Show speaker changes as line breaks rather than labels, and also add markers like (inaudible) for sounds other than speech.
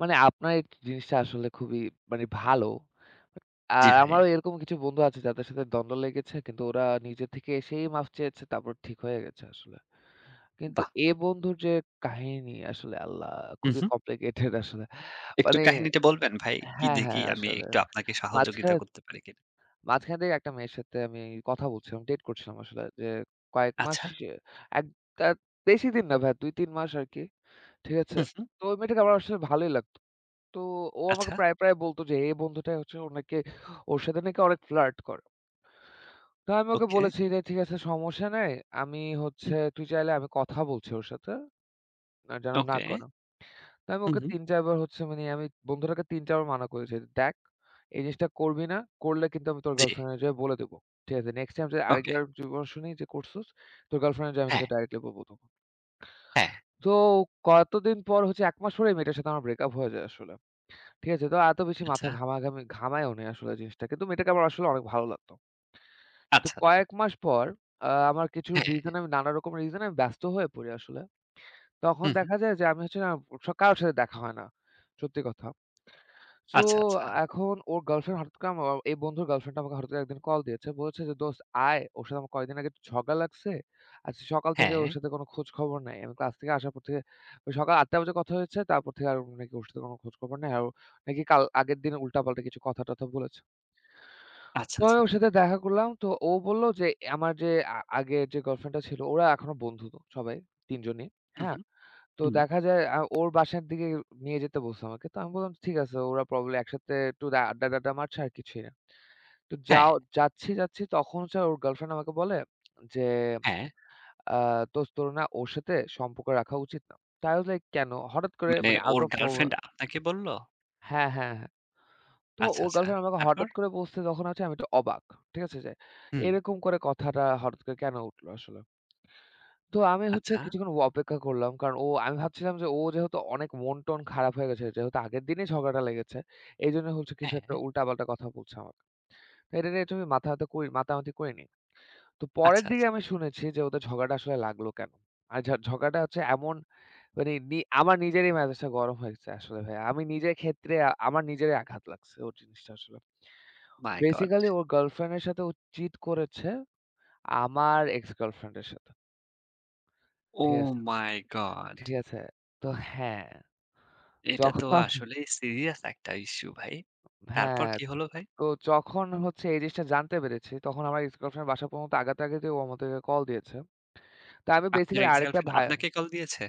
মানে আপনার এক জিনিসটা আসলে খুবই মানে ভালো। আ
জ্বি ভাই।
আমারও এরকম কিছু বন্ধু আছে যাদের সাথে দ্বন্দ্ব লেগেছে, কিন্তু ওরা নিজের থেকে এসেই মাফ চেয়েছে, তারপর ঠিক হয়ে গেছে আসলে। কিন্তু
বাহ!
এ বন্ধুর যে, কাহিনী আসলে আল্লাহ
হু,
খুবই
হু।
কমপ্লিকেটেড আসলে।
একটু
মানে
কাহিনীটা বলবেন ভাই, কি
হ্যা,
দিয়ে কি,
হ্যাঁ
আমি
আসলে।
একটু আপনাকে সহযোগিতা
মাঝখানে,
করতে পারি কিনা?
মাঝখানে থেকে একটা মেয়ের সাথে কথা বলছিলাম, ডেট করছিলাম আসলে যে, কয়েক মাস
আচ্ছা।
সে, ১ তাত বেশিদিন না ২-৩ মাস আরকি, ঠিক আছে।
হু, হু।
তো ওই মেয়েটাকে আমার আসলে ভালোই লাগতো। তো ও আমাকে
আচ্ছা।
প্রায়, প্রায় বলত যে, এ বন্ধুটাই হচ্ছে ওর নাকি, ওর সাথে নাকি অনেক ফ্লার্ট করে। তো আমি ওকে
ওকে।
বলেছি, "ঠিক আছে সমস্যা নাই, আমি হচ্ছে,
হুম।
তুই চাইলে আমি কথা বলছি ওর সাথে, আর যেন না
ওকে।
করে।" তো আমি
হুম,
ওকে
হুম।
৩-৪ বার হচ্ছে মানে, আমি বন্ধুটাকে ৩-৪ বার মানা করেছি। "দেখ, এই জিনিসটা করবি না, করলে কিন্তু আমি তোর
জ্বী।
গার্লফ্রেন্ডর যেয়ে বলে দিবো। ঠিক আছে নেক্সট টাইম যদি
ওকে।
আরেকবার যদি কোন শুনি যে করছোস, তোর গার্লফ্রেন্ডরে যায়া আমি
হ্যাঁ।
কিন্তু ডাইরেক্টলি বলবো তখন।"
হ্যাঁ।
তো কতদিন পর হচ্ছে ১ মাস পরেই ওই মেয়েটার সাথে আমার ব্রেক আপ হয়ে যায় আসলে, ঠিক আছে। তো এত বেশি মাথায়
আচ্ছা।
ঘামা-ঘামি ঘামায়ও নাই আসলে জিনিসটাকে, তো মেয়েটাকে আমার আসলে অনেক ভালো লাগতো। তো
আচ্ছা, আচ্ছা।
কয়েক মাস পর আ আমার কিছু
হ্যাঁ।
রিজনে, নানা রকম রিজনে আমি ব্যস্ত হয়ে পড়ি আসলে। তখন
হুম, হু।
দেখা যায় যে, আমি (unintelligible) স কারো সাথে দেখা হয় না, সত্যি কথা। সো
আচ্ছা, আচ্ছা।
এখন ওর গার্লফ্রেন্ড হঠাৎ করে আমার এ এই বন্ধুর গার্লফ্রেন্ড আমাকে হঠাৎ করে একদিন কল দিয়েছে। বলেছে যে দোস্ত আয়, ওর সাথে আমার কয়েকদিন আগে একটু ঝগড়া লাগছে। আজকে সকাল থেকে ওর
হ্যাঁ।
সাথে কোন খোঁজ খবর নাই। আমি ক্লাস থেকে আসার পর থেকে ওই সকাল ৮ঃ০০ টা বাজে কথা হয়েছে, তারপর থেকে আর নাকি ওর সাথে কোন খোঁজ খবর নাই। আর ও নাকি কাল আগের দিন উল্টাপাল্টা কিছু কথা-টথা বলেছে।
আচ্ছা,
তো
আচ্ছা,
আমি
আচ্ছা।
ওর সাথে দেখা করলাম, তো ও বললো যে, অ্যা আমার যে আ আগের যে গার্লফ্রেন্ডটা ছিল ওরা এখনো বন্ধুতো সবাই ৩ জনই।
উম
হ্যাঁ,
হু,
তো
হু।
দেখা যায় আ ওর বাসার দিকে নিয়ে যেতে বলছে আমাকে। তো আমি বললাম ঠিক আছে ওরা প্রবাবলি একসাথে একটু দে আড্ডা-টাড্ডা মারছে আর কিছুই না। তো
হ্যাঁ।
যাও যাচ্ছি যাচ্ছি তখন ওর গার্লফ্রেন্ড আমাকে বলে যে,
হ্যাঁ।
আ "দোস্ত তোর না ওর সাথে সম্পর্ক রাখা উচিত না।" তো i was like "কেন হঠাৎ করে
মানে
মানে out
ওর
of
গার্লফ্রেন্ড
nowhere"
আপনাকে বললো?
হ্যা, হ্যা, হ্যাঁ। তো
আচ্ছা,
ওর
আচ্ছা।
গার্লফ্রেন্ড আমাকে
তারপর?
হঠাৎ করে বলছে তখন হচ্ছে আমি একটু অবাক। ঠিক আছে? যে
হুম।
এরকম করে কথাটা হঠাৎ করে কেন উঠলো আসলে? (smacks lips) তো আমি হচ্ছে
আচ্ছা।
কিছুক্ষণ অপেক্ষা করলাম। কারণ ও আমি ভাবছিলাম যে, ও যেহেতু অনেক মন-টন খারাপ হয়ে গেছে, যেহেতু আগের দিনেই ঝগড়াটা লেগেছে। এজন্য হচ্ছে কিছু একটা
হ্যাঁ।
উল্টাপাল্টা কথা বলছে আমাকে। তা এটা নিয়ে একটু মাথা ব্যথা করি, মাতা-মাতি করিনি। (smacks lips) তো
আচ্ছা,
পরের দিকে
আচ্ছা।
আমি শুনেছি যে ওদের ঝগড়াটা আসলে লাগলো কেন? আর যাক ঝগড়াটা হচ্ছে এমন মানি নি আমার নিজেরই ম্যাজাজ গরম হয়েছে আসলে ভাইয়া। আমি নিজের ক্ষেত্রে, আমার নিজেরই আঘাত লাগছে ওর জিনিসটা আসলে।
My god!
বেসিক্যালি ওর গার্লফ্রেন্ড এর সাথে ও চিট করেছে আমার এক্স গার্লফ্রেন্ড এর সাথে।
ও
ঠিক আছে,
মাই গড!
ঠিক আছে। তো হ্যাঁ।
এটা তো
যখন
আসলেই সিরিয়াস একটা ইশ্যু ভাই। তারপর
হ্যাঁ।
কী হলো ভাই?
তো যখন হচ্ছে এই জিনিসটা জানতে পেরেছি, তখন আমরা এক্স গার্লফ্রেন্ডের বাসা পর্যন্ত আগাতে, আগাতে ও আমাদেরকে কল দিয়েছে। তো আমি
আপনার
বেসিক্যালি
এক্স
আরেকটা
গার্লফ্রেন্ড
ভায়া
আপনাকে কল দিয়েছে?